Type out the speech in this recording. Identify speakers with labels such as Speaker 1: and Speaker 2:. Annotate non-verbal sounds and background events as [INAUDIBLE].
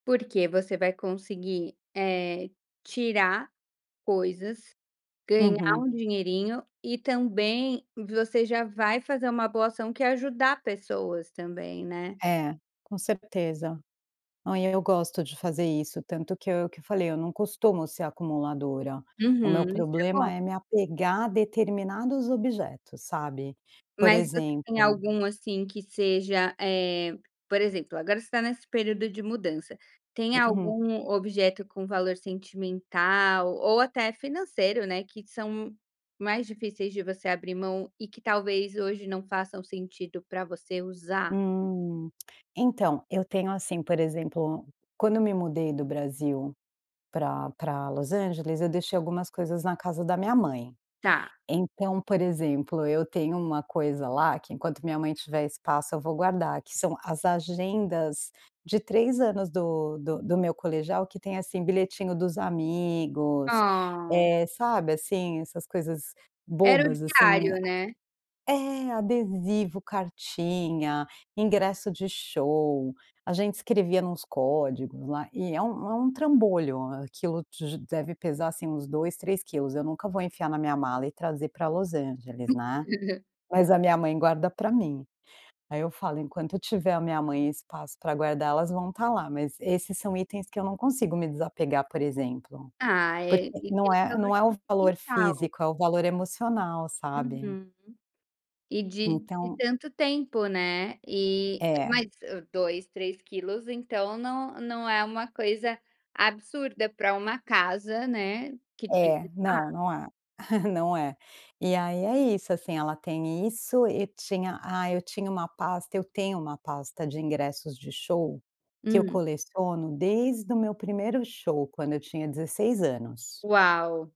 Speaker 1: Porque você vai conseguir, eh, tirar coisas, ganhar
Speaker 2: Uhum.
Speaker 1: um dinheirinho e também você já vai fazer uma boa ação que é ajudar pessoas também, né.
Speaker 2: É, com certeza. Não e eu gosto de fazer isso, tanto que eu que eu falei, eu não costumo ser acumuladora, o
Speaker 1: Uhum,
Speaker 2: meu
Speaker 1: isso é
Speaker 2: problema
Speaker 1: bom.
Speaker 2: é me apegar a determinados objetos, sabe? Por
Speaker 1: Mas você tem
Speaker 2: exemplo
Speaker 1: algum, assim, que seja eh, por exemplo, agora você está nesse período de mudança, tem
Speaker 2: Uhum.
Speaker 1: algum objeto com valor sentimental ou até financeiro, né, que são mais difíceis de você abrir mão e que talvez hoje não façam sentido para você usar?
Speaker 2: Hum, [CLICKS TONGUE] então, eu tenho, assim, por exemplo, quando eu me mudei do Brasil pra pra Los Angeles eu deixei algumas coisas na casa da minha mãe.
Speaker 1: Tá.
Speaker 2: Então, por exemplo, eu tenho uma coisa lá que enquanto minha mãe tiver espaço eu vou guardar que são as agendas, de 3 anos do do do meu colegial que tem, assim, bilhetinho dos amigos,
Speaker 1: Oh.
Speaker 2: eh, sabe, assim, essas coisas
Speaker 1: Era o
Speaker 2: bobas assim,
Speaker 1: diário,
Speaker 2: eh,
Speaker 1: né.
Speaker 2: a é, adesivo, cartinha, ingresso de show, a gente escrevia nos códigos lá e é um é um trambolho, aquilo de deve pesar, assim, uns 2, 3 quilos, eu nunca vou enfiar na minha mala e trazer para Los Angeles, né.
Speaker 1: [CHUCKLES]
Speaker 2: Mas a minha mãe guarda para mim. Aí eu falo, enquanto tiver na minha mãe espaço para guardar elas vão estar lá, mas esses são itens que eu não consigo me desapegar por exemplo.
Speaker 1: Ah é.
Speaker 2: Porque
Speaker 1: E
Speaker 2: não é não é o
Speaker 1: [UNINTELLIGIBLE] de
Speaker 2: valor
Speaker 1: quintal.
Speaker 2: físico, é o valor emocional, sabe.
Speaker 1: Uhum. E de de
Speaker 2: Então
Speaker 1: tanto tempo, né, e
Speaker 2: É.
Speaker 1: mas o 2, 3 quilos, então não não é uma coisa absurda para uma casa né, que tem
Speaker 2: É. Não,
Speaker 1: [UNINTELLIGIBLE]
Speaker 2: não é. [CHUCKLES] Não é. E aí é isso, assim, ela tem isso e tinha, ah, eu tinha uma pasta eu tenho uma pasta de ingressos de show, que eu
Speaker 1: Hum.
Speaker 2: coleciono desde o meu 1º show quando eu tinha 16 anos.
Speaker 1: Uau!